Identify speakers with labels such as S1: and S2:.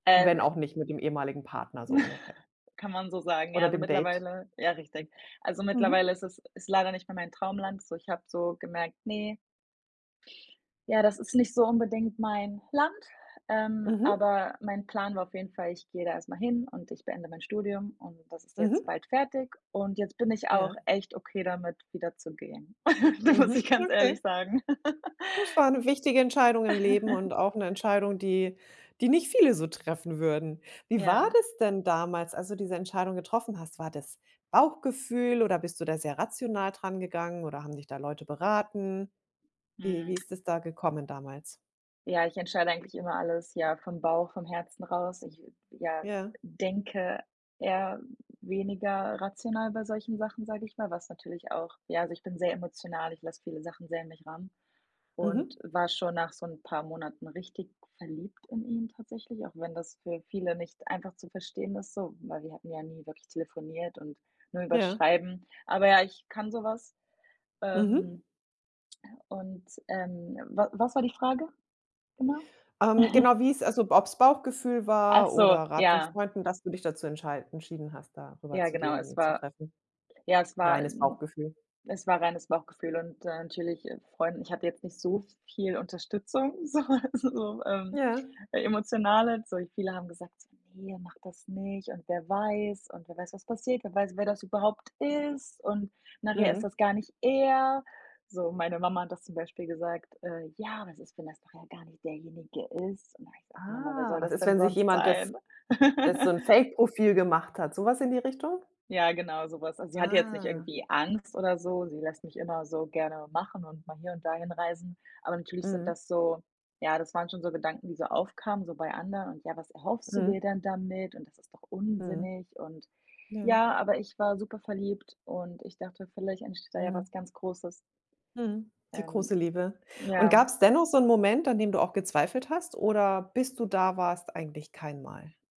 S1: Äh,
S2: Wenn
S1: w
S2: auch nicht mit dem ehemaligen Partner, so ungefähr.
S1: Kann man so sagen, ja,
S2: Oder
S1: also,
S2: dem Date.
S1: mittlerweile ja richtig. Also,
S2: Mhm.
S1: mittlerweile ist es ist leider nicht mehr mein Traumland. So ich habe so gemerkt, ne ja, das ist nicht so unbedingt mein Land, ähm,
S2: Mhm.
S1: aber mein Plan war auf jeden Fall, ich gehe da erst mal hin und ich beende mein Studium und das ist jetzt
S2: Mhm.
S1: bald fertig und jetzt bin ich auch
S2: Ja.
S1: echt okay damit, wieder zu gehen. Das muss
S2: Mhm,
S1: ich ganz
S2: okay.
S1: ehrlich sagen.
S2: Das war 'ne wichtige Entscheidung im Leben und auch 'ne Entscheidung, die die nicht viele so treffen würden. Wie war
S1: Ja.
S2: das denn damals, als du diese Entscheidung getroffen hast? War das Bauchgefühl oder bist du da sehr rational dran gegangen oder haben dich da Leute beraten? Wie
S1: Mhm.
S2: wie ist es da gekommen damals?
S1: Ja, ich entscheide eigentlich immer alles, ja, vom Bauch, vom Herzen raus. Ich, ja,
S2: Ja.
S1: denke eher weniger rational bei solchen Sachen, sage ich mal, was natürlich auch ja, also, ich bin sehr emotional, ich lasse viele Sachen sehr an mich ran und
S2: Mhm.
S1: war schon nach so 'n paar Monaten richtig verliebt in ihn tatsächlich, auch wenn das für viele nicht einfach zu verstehen ist so, weil wir hatten ja nie wirklich telefoniert und nur über's
S2: Ja.
S1: Schreiben. Aber ja, ich kann so was.
S2: Mhm.
S1: Ähm, und, ähm wa was war die Frage genau?
S2: Ähm, genau, wie es also, ob's Bauchgefühl
S1: Ach
S2: war oder
S1: so,
S2: Rat von
S1: ja.
S2: Freunden, dass du dich dazu entschei entschieden hast, da rüber
S1: Ja,
S2: zu gehen
S1: genau,
S2: und
S1: es
S2: ihn zu
S1: war
S2: treffen.
S1: ja, es war, äh,
S2: Reines
S1: 'n
S2: Bauchgefühl.
S1: es war reines Bauchgefühl und, äh, natürlich, äh, Freunden ich hatte jetzt nicht so viel Unterstützung, so, also, so, ähm,
S2: Ja.
S1: emotionale. So viele haben gesagt: „Ne, mach das nicht“ und „wer weiß” und „wer weiß was passiert? Wer weiß wer das überhaupt ist und nachher ist
S2: Mhm.
S1: das gar nicht er.” So, meine Mama hat das zum Beispiel gesagt, äh: „Ja, was ist, wenn das nachher gar nicht derjenige ist?“ Und da habe ich gesagt: „Mama, wer
S2: Ah,
S1: soll
S2: was
S1: das
S2: ist,
S1: denn
S2: wenn sich
S1: sonst
S2: jemand das
S1: sein?“
S2: das so 'n Fakeprofil gemacht hat? So was in die Richtung?
S1: Ja, genau so was. Also, sie hatte jetzt nicht
S2: Ah.
S1: irgendwie Angst oder so, sie lässt mich immer so gerne machen und mal hier und da hinreisen. Aber natürlich sind
S2: Mhm.
S1: das so ja, das waren schon so Gedanken, die so aufkamen so bei anderen und: „Ja, was erhoffst du
S2: Mhm.
S1: dir denn damit?“, und das ist doch
S2: Mhm.
S1: unsinnig und
S2: Ja.
S1: ja, aber ich war super verliebt und ich dachte, vielleicht entsteht da ja
S2: Mhm.
S1: was ganz Großes.
S2: Mhm, die große
S1: Ähm.
S2: Liebe und
S1: Ja.
S2: gab's dennoch so 'n Moment, an dem du auch gezweifelt hast oder bis du da warst eigentlich kein Mal?